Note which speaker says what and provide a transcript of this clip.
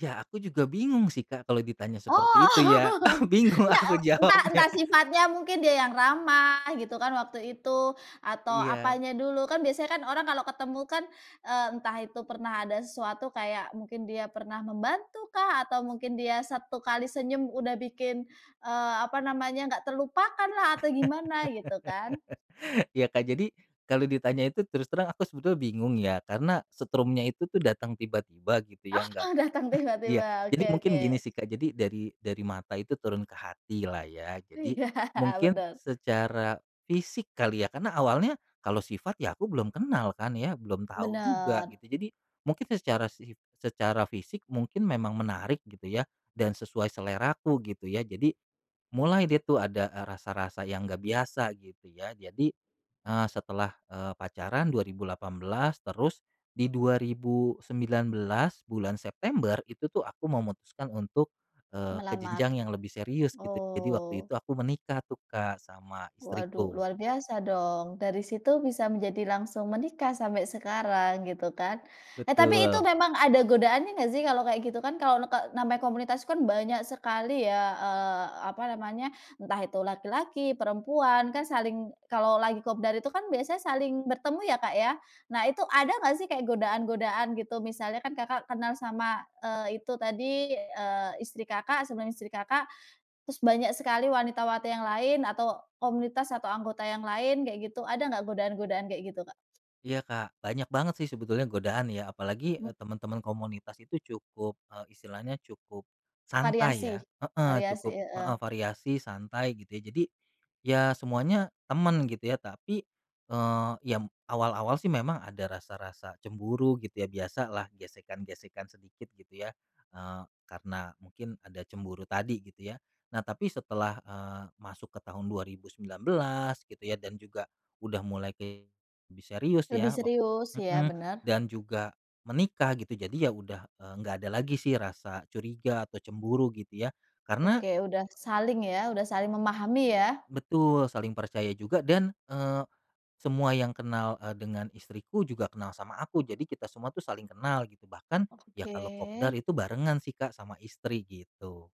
Speaker 1: Ya, aku juga bingung sih, Kak, kalau ditanya
Speaker 2: Oh.
Speaker 1: seperti itu, ya. Bingung
Speaker 2: Engga, e
Speaker 1: aku
Speaker 2: entah
Speaker 1: jawabnya.
Speaker 2: entah sifatnya mungkin dia yang ramah, gitu kan, waktu itu, atau
Speaker 1: Iya.
Speaker 2: apanya dulu. Kan biasanya kan orang kalau ketemu kan, eee, entah itu pernah ada sesuatu kayak mungkin dia pernah membantu kah, atau mungkin dia 1 kali senyum udah bikin, eee, apa namanya, nggak terlupakan lah atau gimana gitu kan.
Speaker 1: Ya, Kak, jadi kalau ditanya itu terus terang aku sebetulnya bingung ya, karena setrumnya itu tuh datang tiba-tiba gitu ya, nggak
Speaker 2: Oh, datang
Speaker 1: iya,
Speaker 2: tiba-tiba. Oke
Speaker 1: jadi mungkin gini
Speaker 2: oke.
Speaker 1: sih, Kak. Jadi dari dari mata itu turun ke hati lah, ya. Jadi,
Speaker 2: Iya,
Speaker 1: mungkin
Speaker 2: benar.
Speaker 1: secara fisik kali ya, karena awalnya kalau sifat, ya, aku belum kenal, kan, ya, belum tahu juga
Speaker 2: Bener.
Speaker 1: gitu. Jadi, mungkin secara sif secara fisik mungkin memang menarik gitu ya, dan sesuai seleraku gitu ya. Jadi, mulai deh, tuh, ada, eee, rasa-rasa yang gak biasa gitu ya. Jadi, eee, setelah, eee, pacaran 2018 terus di 2019 bulan September itu, tuh, aku memutuskan untuk, eee, ke
Speaker 2: Melamar.
Speaker 1: jenjang yang lebih serius gitu. Jadi waktu
Speaker 2: Oh.
Speaker 1: itu aku menikah tuh, Kak, sama
Speaker 2: Waduh,
Speaker 1: istriku.
Speaker 2: luar biasa dong. Dari situ bisa menjadi langsung menikah sampai sekarang, gitu kan. Eh, tapi itu
Speaker 1: Betul.
Speaker 2: memang ada godaannya nggak sih, kalau kayak gitu kan, kalau neke namanya komunitas itu kan, banyak sekali ya, eee, apa namanya, entah itu laki-laki, perempuan, kan saling kalau lagi kopdar itu kan biasanya saling bertemu ya, Kak, ya. Nah, itu ada nggak sih kayak godaan-godaan gitu, misalnya kan Kakak kenal sama, eee, itu tadi, eee, istri Kakak sebelum istri Kakak, terus banyak sekali wanita wati yang lain atau komunitas atau anggota yang lain kayak gitu. Ada nggak godaan-godaan kayak gitu, Kak?
Speaker 1: Iya, Kak, banyak banget, sih, sebetulnya godaan ya. Apalagi, eee,
Speaker 2: Hmm.
Speaker 1: teman-teman komunitas itu cukup, eee, istilahnya cukup, santai ya
Speaker 2: Variasi
Speaker 1: heeh,
Speaker 2: variasi,
Speaker 1: cukup
Speaker 2: heeh.
Speaker 1: heeh, variasi, santai, gitu ya. Jadi, ya, semuanya temen, gitu ya, tapi, eee, ya, m awal-awal sih memang ada rasa-rasa cemburu, gitu ya. Biasalah gesekan-gesekan sedikit gitu ya, eee, karena mungkin ada cemburu tadi gitu ya. Nah, tapi setelah, eee, masuk ke tahun 2019 gitu ya, dan juga udah mulai ke lebih serius
Speaker 2: Lebih
Speaker 1: ya, wak
Speaker 2: serius. Ya,
Speaker 1: mhm,
Speaker 2: bener.
Speaker 1: dan juga menikah gitu, jadi ya udah, eee, nggak ada lagi sih rasa curiga atau cemburu gitu ya, karena
Speaker 2: Oke, udah saling ya, udah saling memahami ya.
Speaker 1: Betul, saling percaya juga dan, eee, semua yang kenal, eee, dengan istriku juga kenal sama aku, jadi kita semua tuh saling kenal gitu. Bahkan, ya kalau kopdar
Speaker 2: Oke.
Speaker 1: itu barengan sih, Kak, sama istri gitu.